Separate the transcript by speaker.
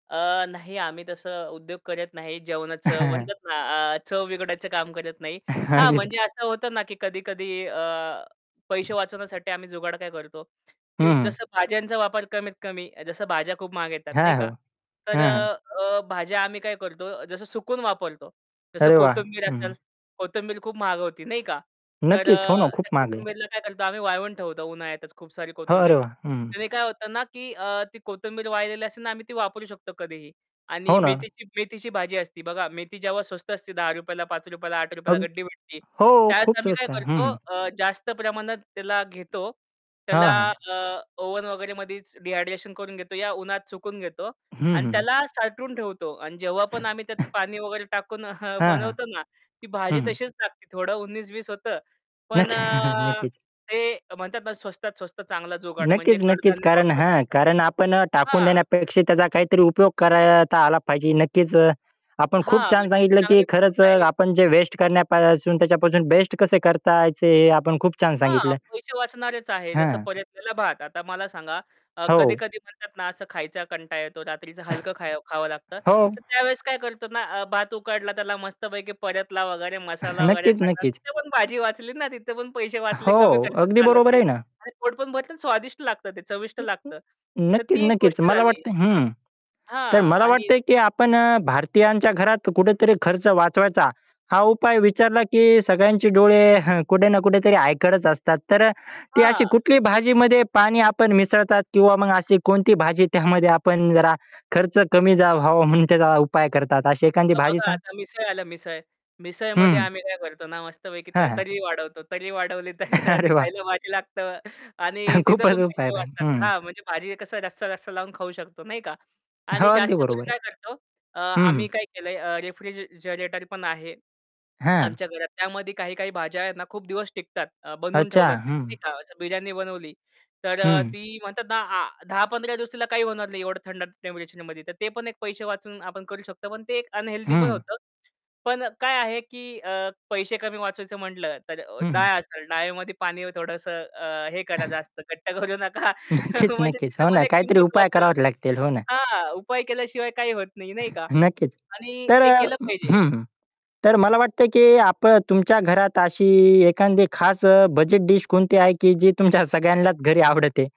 Speaker 1: अ, नाही आम्ही तसं उद्योग करत नाही जेवणाचं म्हणतात ना, अ, चव बिघडायचं काम करत नाही. हां
Speaker 2: अगदी बरो
Speaker 1: म्हणजे असं होतं ना की कधी-कधी अ, पैसे वाचवण्यासाठी आम्ही जुगाड काय करतो, की
Speaker 2: हं.
Speaker 1: जसं भाज्यांचा वापर कमीत कमी. जसं भाज्या खूप महाग येतात नाही
Speaker 2: हां, हो.
Speaker 1: का. तर
Speaker 2: हां, हां.
Speaker 1: अ, भाज्या आम्ही काय करतो जसं सुकवून वापरतो. जसं
Speaker 2: अरे वाह.
Speaker 1: कोथिंबीर
Speaker 2: हं, हं.
Speaker 1: असेल कोथिंबीर खूप महाग होती नाही का? तर
Speaker 2: नक्कीच.
Speaker 1: अ,
Speaker 2: हो ना, खूप
Speaker 1: त्या
Speaker 2: महाग आहे.
Speaker 1: कोथिंबीरला काय करतो आम्ही वाळवून ठेवतो उन्हाळ्यातच खूप सारी कोथिंबीर.
Speaker 2: अरे, वा! हं.
Speaker 1: त्याने काय होतं ना की अ, ती कोथिंबीर वाळलेली असेल ना आम्ही ती वापरू शकतो कधीही. आणि
Speaker 2: हो ना.
Speaker 1: मेथीची मेथीची भाजी असती बघा. मेथी जेव्हा स्वस्त असते ₹10, ला ₹5, ला ₹8 ला
Speaker 2: अग
Speaker 1: गड्डी भेटते.
Speaker 2: हो.
Speaker 1: त्यावेळेस
Speaker 2: खूप
Speaker 1: आम्ही काय
Speaker 2: स्वस्त आहे. हं,
Speaker 1: करतो
Speaker 2: हं.
Speaker 1: अ, जास्त प्रमाणात त्याला घेतो. त्याला
Speaker 2: हां, हां.
Speaker 1: अ, ओव्हन वगैरेमध्ये डिहायड्रेशन करून घेतो. या उन्हात सुकवून घेतो
Speaker 2: हं, हं,
Speaker 1: आणि
Speaker 2: हं.
Speaker 1: त्याला साठवून ठेवतो आणि जेव्हा पण आम्ही त्यात पाणी वगैरे टाकून
Speaker 2: हां, हां.
Speaker 1: बनवतो ना, ती भाजी
Speaker 2: हं, हं.
Speaker 1: तशीच टाकते थोडं उन्नीस बीस होतं.
Speaker 2: नक्कीच,
Speaker 1: पण
Speaker 2: नक्कीच.
Speaker 1: ते म्हणतात ना स्वस्तात स्वस्त चांगला जुगाड म्हणजे
Speaker 2: नक्कीच, नक्कीच.
Speaker 1: कडधान्य
Speaker 2: कारण
Speaker 1: वापरतात.
Speaker 2: हां कारण आपण टाकून
Speaker 1: हां.
Speaker 2: देण्यापेक्षा त्याचा काहीतरी उपयोग करता आला पाहिजे. नक्कीच अ, आपण
Speaker 1: हां
Speaker 2: खूप छान
Speaker 1: म्हणजे ही
Speaker 2: सांगितलं की
Speaker 1: चांगली पद्धत
Speaker 2: खरंच अ,
Speaker 1: आहे.
Speaker 2: आपण जे वेस्ट करण्यापासून त्याच्यापासून बेस्ट कसे करताचे हे आपण खूप छान
Speaker 1: हां,
Speaker 2: सांगितलं.
Speaker 1: पैसे वाचणारेच आहे. जसं
Speaker 2: हां.
Speaker 1: परतलेला भात. आता मला सांगा अ,
Speaker 2: हो.
Speaker 1: कधी-कधी म्हणतात ना असं खायचा कंटाळा येतो रात्रीचं हलकं खं खावं लागतं.
Speaker 2: हो.
Speaker 1: तर त्यावेळेस काय करतो ना अ, भात उकडला त्याला मस्तपैकी परतला वगैरे मसाला वगैरे
Speaker 2: नक्कीच,
Speaker 1: टाकला.
Speaker 2: नक्कीच.
Speaker 1: तिथे पण भाजी वाचली ना, तिथे पण पैसे वाचले, कमी
Speaker 2: हो,
Speaker 1: खर्च
Speaker 2: अगदी
Speaker 1: झाला
Speaker 2: बरोबर,
Speaker 1: ते
Speaker 2: आहे ना.
Speaker 1: आणि पोट पण भरतं आणि स्वादिष्ट लागतं ते, चविष्ट लागतं. तर
Speaker 2: नक्कीच,
Speaker 1: ती एक
Speaker 2: नक्कीच.
Speaker 1: गोष्ट
Speaker 2: मला
Speaker 1: झाली.
Speaker 2: वाटतंय हं, तर
Speaker 1: हां.
Speaker 2: मला
Speaker 1: आणि
Speaker 2: वाटतंय की आपण अ, भारतीयांच्या घरात कुठेतरी खर्च वाचवायचा हा उपाय विचारला की सगळ्यांचे डोळे कुठे ना कुठेतरी ऐकतच असतात. तर ती अशी
Speaker 1: हां.
Speaker 2: कुठली भाजीमध्ये पाणी आपण मिसळतात किंवा मग अशी कोणती भाजी त्यामध्ये आपण जरा खर्च कमी झा व्हावा म्हणून त्याचा उपाय करतात. अशी एखादी भाजी
Speaker 1: बघा
Speaker 2: सांग
Speaker 1: आता मिसळ आल मिसळ. मिसळमध्ये
Speaker 2: हं.
Speaker 1: आम्ही काय करतो ना, मस्तपैकी त
Speaker 2: हां, हां.
Speaker 1: तर्री वाढवतो. तर्री वाढवली तर ते
Speaker 2: अरे वाह!
Speaker 1: खायला भारी लागतं आणि
Speaker 2: खूप
Speaker 1: तिथं पण
Speaker 2: अजब
Speaker 1: पैसे
Speaker 2: [unintelligible]
Speaker 1: वाचतात.
Speaker 2: हं.
Speaker 1: हां, म्हणजे भारी आहे कसं जास्त रस्सा-रस्सा लावून खाऊ शकतो नाही का?
Speaker 2: हो,
Speaker 1: आणि
Speaker 2: अगदी
Speaker 1: जास्त करून
Speaker 2: बरोबर आहे.
Speaker 1: काय करतो, अ,
Speaker 2: हं, हं.
Speaker 1: आम्ही काय केलंय अ, रेफ्रिज अ, ...रेटर पण आहे
Speaker 2: हां.
Speaker 1: आमच्या घरात. त्यामध्ये काही काही भाज्या आहेत ना खूप दिवस टिकतात. अ, बनवून
Speaker 2: अच्छा,
Speaker 1: ठेवल्या तरी.
Speaker 2: हं.
Speaker 1: नाही का. असं बिर्याणी बनवली, तर अ,
Speaker 2: हं.
Speaker 1: ती म्हणतात ना आ 10-15 दिवस तिला काही होणार नाही एवढं थंड टेम्परेचरमध्ये. तर ते पण एक पैसे वाचून आपण करू शकतो. पण ते एक अनहेल्दी पण
Speaker 2: हं.
Speaker 1: होतं. पण काय आहे की अ, पैसे कमी वाचवायचं म्हटलं, तर
Speaker 2: हं, हं.
Speaker 1: डाळ असेल डाळमध्ये पाणी थोडंसं अ, हे करा. जास्त घट्ट करू नका
Speaker 2: नक्कीच,
Speaker 1: म्हणजे
Speaker 2: नक्कीच.
Speaker 1: तिथे
Speaker 2: हो ना
Speaker 1: पण एक
Speaker 2: काहीतरी
Speaker 1: किंमत
Speaker 2: उपाय
Speaker 1: वाचल
Speaker 2: करावे लागतील. हो ना.
Speaker 1: हां, उपाय केल्याशिवाय काही होत नाही नाही का.
Speaker 2: नक्कीच.
Speaker 1: आणि
Speaker 2: तर
Speaker 1: ते
Speaker 2: अ,
Speaker 1: केलं पाहिजे.
Speaker 2: हं. तर मला वाटतं, की आपण तुमच्या घरात अशी एखादी खास अ, बजेट डीश कोणती आहे, की जी तुमच्या सगळ्यांनाच घरी आवडते?